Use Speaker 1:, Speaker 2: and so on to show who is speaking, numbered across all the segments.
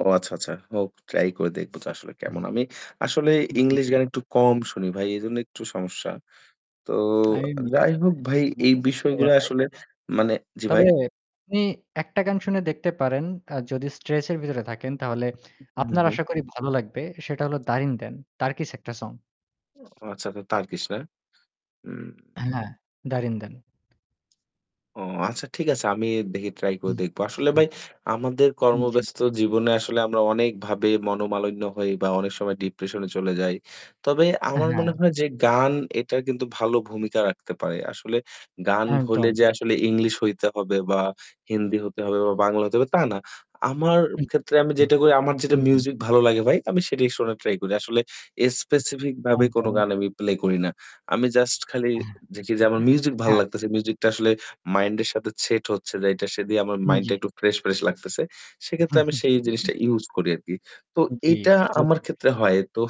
Speaker 1: ও আচ্ছা, আচ্ছা। হোক ট্রাই করে দেখব তো আসলে
Speaker 2: উহ।
Speaker 1: কেমন। আমি আসলে
Speaker 2: জি।
Speaker 1: ইংলিশ গান একটু কম শুনি ভাই। এজন্য একটু সমস্যা। তো
Speaker 2: আরে
Speaker 1: যাই
Speaker 2: [unintelligible]
Speaker 1: হোক
Speaker 2: ভাই।
Speaker 1: ভাই
Speaker 2: আমার
Speaker 1: এই
Speaker 2: কাছে
Speaker 1: বিষয়গুলা
Speaker 2: [unintelligible] নাই।
Speaker 1: আসলে মানে জি
Speaker 2: তবে
Speaker 1: ভাই?
Speaker 2: আপনি একটা গান শুনে দেখতে পারেন আর যদি স্ট্রেস এর ভেতরে থাকেন তাহলে
Speaker 1: উম হুম, হুম,
Speaker 2: আপনার
Speaker 1: হুম।
Speaker 2: আশা করি ভালো লাগবে। সেটা হলো, "Derinden", টার্কিশ একটা সং।
Speaker 1: ও আচ্ছা তো টার্কিশ না? উম
Speaker 2: অ্যা হ্যাঁ, "Derinden."।
Speaker 1: ও, আচ্ছা ঠিক আছে আমি দেখি ট্রাই
Speaker 2: জি,
Speaker 1: করে দেখব। আসলে
Speaker 2: হুম।
Speaker 1: ভাই আমাদের
Speaker 2: উম জি।
Speaker 1: কর্মব্যস্ত জীবনে আসলে আমরা অনেক ভাবে মনোমালিন্য হই বা অনেক সময় ডিপ্রেশন এ চলে যাই। তবে
Speaker 2: আ
Speaker 1: আমার মনে
Speaker 2: হ্যাঁ।
Speaker 1: হয় যে গান এটা কিন্তু ভালো ভূমিকা রাখতে পারে। আসলে গান হলে
Speaker 2: একদম।
Speaker 1: যে আসলে ইংলিশ হইতে হবে বা হিন্দি হতে হবে বা বাংলা হতে হবে তা না। আমার ক্ষেত্রে আমি যে
Speaker 2: [unintelligible]
Speaker 1: টুকুই, আমার যেটা
Speaker 2: হুম, হুম।
Speaker 1: মিউজিক ভালো লাগে ভাই, আমি সেটাই শোনার ট্রাই করি। আসলে স্পেসিফিক ভাবে কোন
Speaker 2: একদম।
Speaker 1: গান আমি প্লে করি না। আমি জাস্ট খালি দেখি যে আমার মিউজিক ভাল
Speaker 2: হ্যাঁ।
Speaker 1: লাগতেছে। মিউজিকটা আসলে মাইন্ড এর সাথে সেট হচ্ছে যেটা সে দিয়ে আমার
Speaker 2: উম
Speaker 1: মাইন্ডটা
Speaker 2: জি।
Speaker 1: একটু ফ্রেশ, ফ্রেশ লাগতেছে। সেক্ষেত্রে আমি সেই জিনিসটা ইউস করি আরকি। তো
Speaker 2: জি,
Speaker 1: এটা আমার
Speaker 2: বুঝতে
Speaker 1: ক্ষেত্রে
Speaker 2: পেরেছি।
Speaker 1: হয়। তো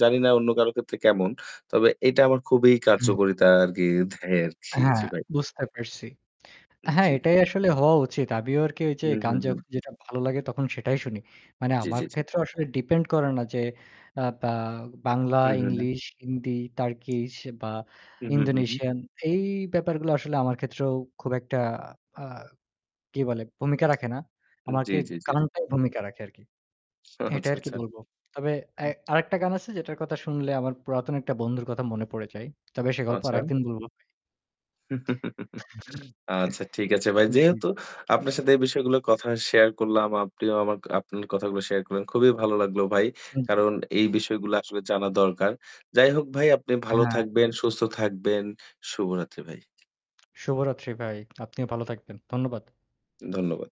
Speaker 1: জানি না অন্য কারো ক্ষেত্রে কেমন। তবে এটা আমার খুবই
Speaker 2: উ
Speaker 1: কার্যকরিতা আরকি দেয়
Speaker 2: অ্যা
Speaker 1: আরকি।
Speaker 2: হ্যাঁ,
Speaker 1: জি, ভাই।
Speaker 2: বুঝতে পারছি। অ্যা
Speaker 1: উম
Speaker 2: হ্যাঁ,
Speaker 1: জি।
Speaker 2: এটাই আসলে হওয়া উচিত। আমিও আরকি ওই যে
Speaker 1: উহু,
Speaker 2: গান
Speaker 1: হুম।
Speaker 2: যখন যেটা ভালো লাগে তখন সেটাই শুনি। মানে
Speaker 1: জি,
Speaker 2: আমার
Speaker 1: জি, জি।
Speaker 2: ক্ষেত্রেও আসলে ডিপেন্ড করে না যে আ বা বাংলা,
Speaker 1: উহু, হু।
Speaker 2: ইংলিশ, হিন্দি, টার্কিশ বা
Speaker 1: উহু, হু, হু।
Speaker 2: ইন্দোনেশিয়ান এই ব্যাপারগুলো আসলে আমার ক্ষেত্রেও খুব একটা আ কি বলে ভূমিকা রাখে না।
Speaker 1: জি,
Speaker 2: আমাকে
Speaker 1: জি, জ্বী, জ্বী।
Speaker 2: গানটাই ভূমিকা রাখে আরকি।
Speaker 1: আহ!
Speaker 2: এটা
Speaker 1: আচ্ছা,
Speaker 2: আর কি
Speaker 1: আচ্ছা।
Speaker 2: বলবো। তবে
Speaker 1: হু।
Speaker 2: অ্যা আরেকটা গান আছে যেটার কথা শুনলে আমার পুরাতন একটা বন্ধুর কথা মনে পড়ে যায়। তবে সে গল্প
Speaker 1: আচ্ছা।
Speaker 2: আরেকদিন বলবো ভাই।
Speaker 1: আচ্ছা, ঠিক আছে ভাই।
Speaker 2: জ্বী
Speaker 1: যেহেতু
Speaker 2: ভা
Speaker 1: আপনার সাথে এই বিষয়গুলো কথা শেয়ার করলাম। আপনিও আমার আপনার কথাগুলো শেয়ার করলেন। খুবই ভালো লাগলো ভাই।
Speaker 2: আন জি।
Speaker 1: কারণ এই বিষয়গুলো আসলে জানা দরকার। যাই হোক ভাই আপনি
Speaker 2: আ
Speaker 1: ভালো
Speaker 2: হ্যাঁ।
Speaker 1: থাকবেন, সুস্থ থাকবেন। শুভরাত্রি ভাই।
Speaker 2: শুভরাত্রি ভাই, আপনিও ভালো থাকবেন। ধন্যবাদ।
Speaker 1: ধন্যবাদ।